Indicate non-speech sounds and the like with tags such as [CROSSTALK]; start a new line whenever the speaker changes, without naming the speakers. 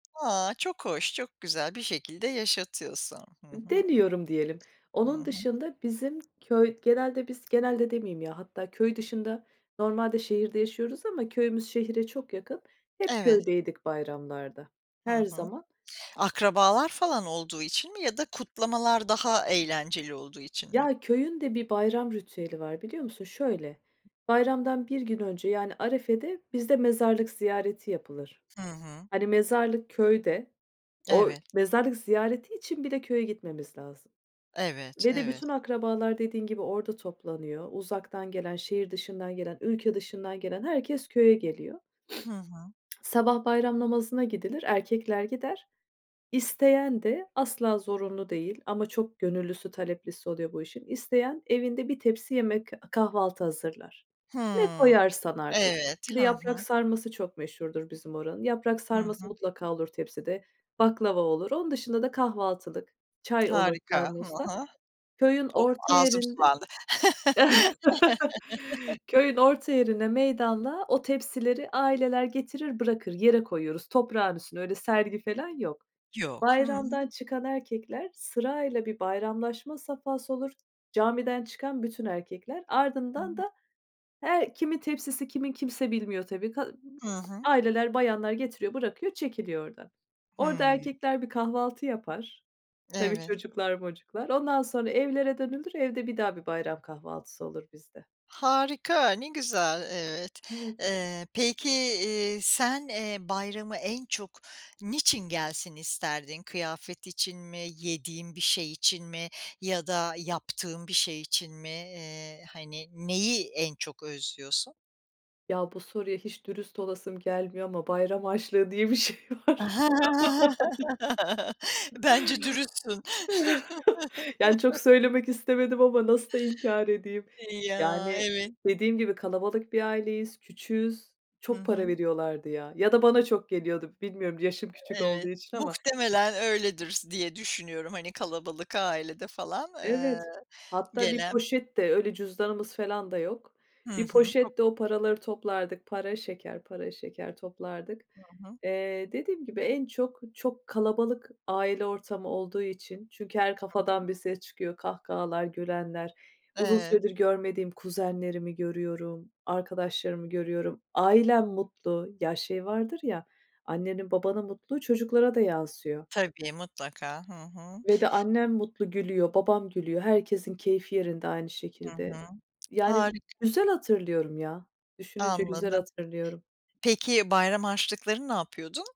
A, çok hoş, çok güzel. Bir şekilde yaşatıyorsun. Hı hı.
Deniyorum, diyelim.
Hı
Onun
hı.
dışında bizim köy genelde biz genelde demeyeyim ya, hatta köy dışında, normalde şehirde yaşıyoruz ama köyümüz şehre çok yakın. Hep
Evet.
köydeydik bayramlarda,
Hı
her
hı.
zaman.
Akrabalar falan olduğu için mi ya da kutlamalar daha eğlenceli olduğu için mi?
Ya, köyün de bir bayram ritüeli var, biliyor musun? Şöyle, bayramdan 1 gün önce, yani, arefede bizde mezarlık ziyareti yapılır.
Hı hı.
Hani, mezarlık köyde. O
Evet.
mezarlık ziyareti için bile köye gitmemiz lazım
Evet,
ve de
evet.
bütün akrabalar dediğin gibi orada toplanıyor. Uzaktan gelen, şehir dışından gelen, ülke dışından gelen herkes köye geliyor.
Hı hı.
[SNIFFS] Sabah bayram namazına gidilir, erkekler gider. İsteyen de, asla zorunlu değil ama çok gönüllüsü, taleplisi oluyor bu işin. İsteyen evinde bir tepsi yemek, kahvaltı hazırlar. Ne
Hımm,
koyarsan artık.
evet,
Bir de
hı
yaprak
hı.
sarması çok meşhurdur bizim oranın. Yaprak
Hı
sarması
hı.
mutlaka olur tepside, baklava olur. Onun dışında da kahvaltılık, çay olur
Harika, hı
termosta.
hı.
Köyün
Of,
orta
ağzım
yerinde.
sulandı.
[CHUCKLES]
[CHUCKLES]
Köyün orta yerinde, meydanda o tepsileri aileler getirir, bırakır. Yere koyuyoruz, toprağın üstüne, öyle sergi falan yok.
Yok. Hı hı.
Bayramdan çıkan erkekler sırayla, bir bayramlaşma safhası olur, camiden çıkan bütün erkekler.
Hı
Ardından
hı.
da her kimin tepsisi kimin, kimse bilmiyor, tabii. Ka
Hı hı.
aileler, bayanlar getiriyor, bırakıyor, çekiliyor oradan. Orada
Hımm.
erkekler bir kahvaltı yapar. Tabii,
Evet.
çocuklar mocuklar, ondan sonra evlere dönülür. Evde bir daha bir bayram kahvaltısı olur bizde.
Harika, ne güzel. Evet.
Evet.
Eee, peki, eee, sen, eee, bayramı en çok niçin gelsin isterdin? Kıyafet için mi, yediğin bir şey için mi ya da yaptığın bir şey için mi? Eee, hani, neyi en çok özlüyorsun?
Ya bu soruya hiç dürüst olasım gelmiyor ama bayram harçlığı diye bir şey var. [CHUCKLES]
[LAUGHS] Bence dürüstsün.
[CHUCKLES] Yani, çok
[CHUCKLES]
söylemek istemedim ama nasıl da inkar edeyim.
Ya,
Yani,
evet.
dediğim gibi kalabalık bir aileyiz, küçüğüz,
Hı
çok para
hı.
veriyorlardı, ya. Ya da bana çok geliyordu, bilmiyorum, yaşım küçük olduğu
Evet,
için ama
muhtemelen öyledir s diye düşünüyorum, hani, kalabalık ailede falan, eee,
Evet, hatta bir
gelen
poşette, öyle cüzdanımız falan da yok.
Hı
Bir
hı. Çok
poşette o paraları toplardık, para, şeker, para, şeker toplardık.
Hı hı.
Eee, dediğim gibi en çok, çok kalabalık aile ortamı olduğu için çünkü her
Hı hı.
kafadan bir ses çıkıyor, kahkahalar, gülenler, uzun
Evet.
süredir görmediğim kuzenlerimi görüyorum, arkadaşlarımı görüyorum, ailem mutlu, ya şey vardır ya, annenin babanın mutluluğu çocuklara da yansıyor.
Tabii, mutlaka. Hı hı.
Ve de annem mutlu gülüyor, babam gülüyor. Herkesin keyfi yerinde aynı
Hı
şekilde,
hı.
yani,
Harika.
güzel hatırlıyorum ya, düşününce güzel
Anladım.
hatırlıyorum.
Peki, bayram harçlıklarını ne yapıyordun?